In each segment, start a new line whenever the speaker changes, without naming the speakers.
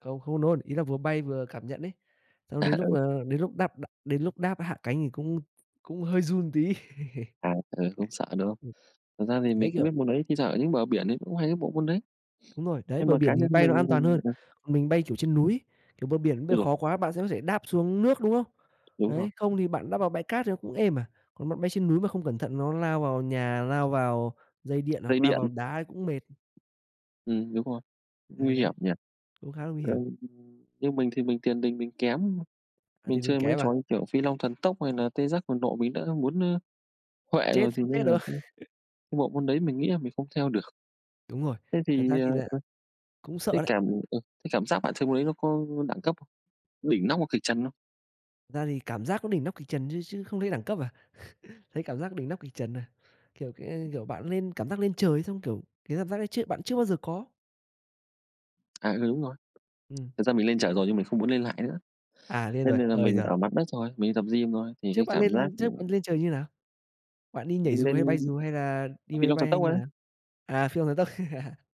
Không, không nôn, ý là vừa bay vừa cảm nhận ấy. Xong
À,
đến lúc
ừ.
là đến lúc đáp đ đến lúc đáp hạ cánh thì cũng cũng hơi run tí.
À, ừ, cũng sợ, đúng hông?
Ừm.
Thật ra thì
Đấy,
mình cũng
kiểu
biết môn đấy, thi thoảng ở những bờ biển đấy cũng hay có bộ môn đấy.
Đúng rồi, đấy,
Nhưng
bờ
mà cá
biển thì
nhân
bay nó
mình
an toàn
mình,
hơn,
ờ
còn mình bay, kiểu, trên núi. Kiểu, bờ biển bơi
Ôi giời!
khó quá bạn sẽ có thể đáp xuống nước, đúng không?
Đúng rồi.
Đấy, không thì bạn đáp vào bãi cát thì nó cũng êm à, còn bạn bay trên núi mà không cẩn thận nó lao vào nhà, lao vào dây điện,
Dây
hoặc lao
điện.
vào đá thì cũng mệt.
Ừm, đúng rồi,
Ấy,
nguy
đấy,
hiểm nhỉ?
cũng khá là nguy hiểm.
Ừm, như mình thì mình tiền đình mình kém.
À,
Mình
tiền đình
chơi mấy cái
kém à?
trò như, kiểu, Phi Long Thần Tốc hay nà Tê Giác Cuồng Nộ mình đã muốn, ơ, huệ
Chết,
rồi, thì
không
nên
chết
là
được.
cũng cái bộ môn đấy mình nghĩ là mình không theo được.
Đúng rồi,
Thế
thật ra
thì, ờ,
thì
ờ,
là cũng sợ
cái
đấy.
cảm ờ, cái cảm giác bạn chơi môn đấy nó có đẳng cấp không? Đỉnh nóc hoặc kịch trần không?
Thật ra thì cảm giác nó đỉnh nóc kịch trần, chứ chứ không thấy đẳng cấp à, thấy cảm giác đỉnh nóc kịch trần à. Kiểu, cái, ê, kiểu, bạn lên cảm giác lên trời ấy xong, kiểu, cái cảm giác ấy chưa bạn chưa bao giờ có?
À, ừ, đúng rồi.
Ừm.
Thật ra mình lên trời
Ấy.
rồi nhưng mình không muốn lên lại nữa.
À, lên
Thế
rồi.
nên là
Ơi
mình
giời.
ở mặt đất thôi, mình đi tập gym thôi, thì
Trước
cái
bạn
cảm giác,
lên
ưm
trước bạn lên trời như nào? Bạn đi nhảy
Mình
dù, hay bay
lên
dù, hay là đi
Phi
máy
Long Thần
bay, hay
Tốc
như
ấy.
nào? À Phi Long Thần Tốc,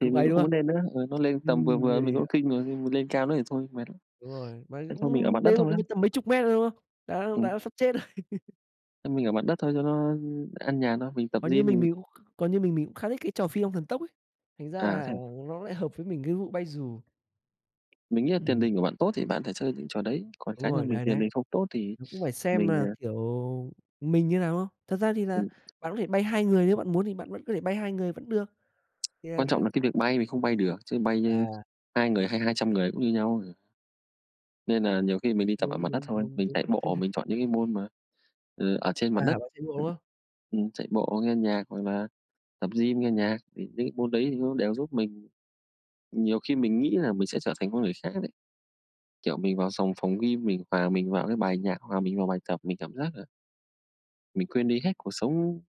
Thì mình
ấy,
cũng
đúng
không
không?
muốn nên nữa. Ừ, nó lên tầm vừa
Ừm,
vừa
ghê
mình cũng
vậy.
kinh rồi, khi mà lên cao nữa thì thôi, mệt lắm.
Đúng rồi, mà
Thế thôi, mình ở mặt
cũng
đất
đấy mà
thôi.
cũng mấy tầm mấy chục mét thôi, đúng không? Đã
Ừm.
đã sắp chết rồi.
Ơ, mình ở mặt đất thôi cho nó an nhàn thôi, mình tập
Còn như
gym, mình
mình còn như mình mình cũng khá thích cái trò Phi Long Thần Tốc ấy, thành ra
À, thế
là
à?
nó lại hợp với mình cái vụ bay dù.
Mình nghĩ là tiền
Ừm.
đình của bạn tốt thì bạn thể chơi những trò đấy, còn
Đúng
cá
rồi,
nhân mình
đấy,
tiền
đấy.
đình không tốt thì
Nó cũng phải xem
mình,
là,
ờ
kiểu, mình như nào, đúng không? Thật ra thì là
Ừm.
bạn có thể bay 2 người nếu bạn muốn thì bạn vẫn có thể bay 2 người vẫn được. Thì là
Quan trọng
c
là cái việc bay mình không bay được, chứ bay, ơ,
À.
2 người hay 200 người cũng như nhau à. Nên nà nhiều khi mình đi tập ở
Đúng,
mặt đất
đúng,
thôi,
đúng,
mình
đúng.
chạy bộ, mình chọn những cái môn mà, ờ, ở trên
À,
mặt đất.
bạn chạy bộ, đúng không?
Ừm, chạy bộ, nghe nhạc hoặc là tập gym nghe nhạc, thì những cái môn đấy thì nó đều giúp mình nhiều khi mình nghĩ là mình sẽ trở thành con người khác đấy. Kiểu, mình vào sòng phòng gym, mình hòa mình vào cái bài nhạc, hòa mình vào bài tập, mình cảm giác, ờ mình quên đi hết cuộc sống.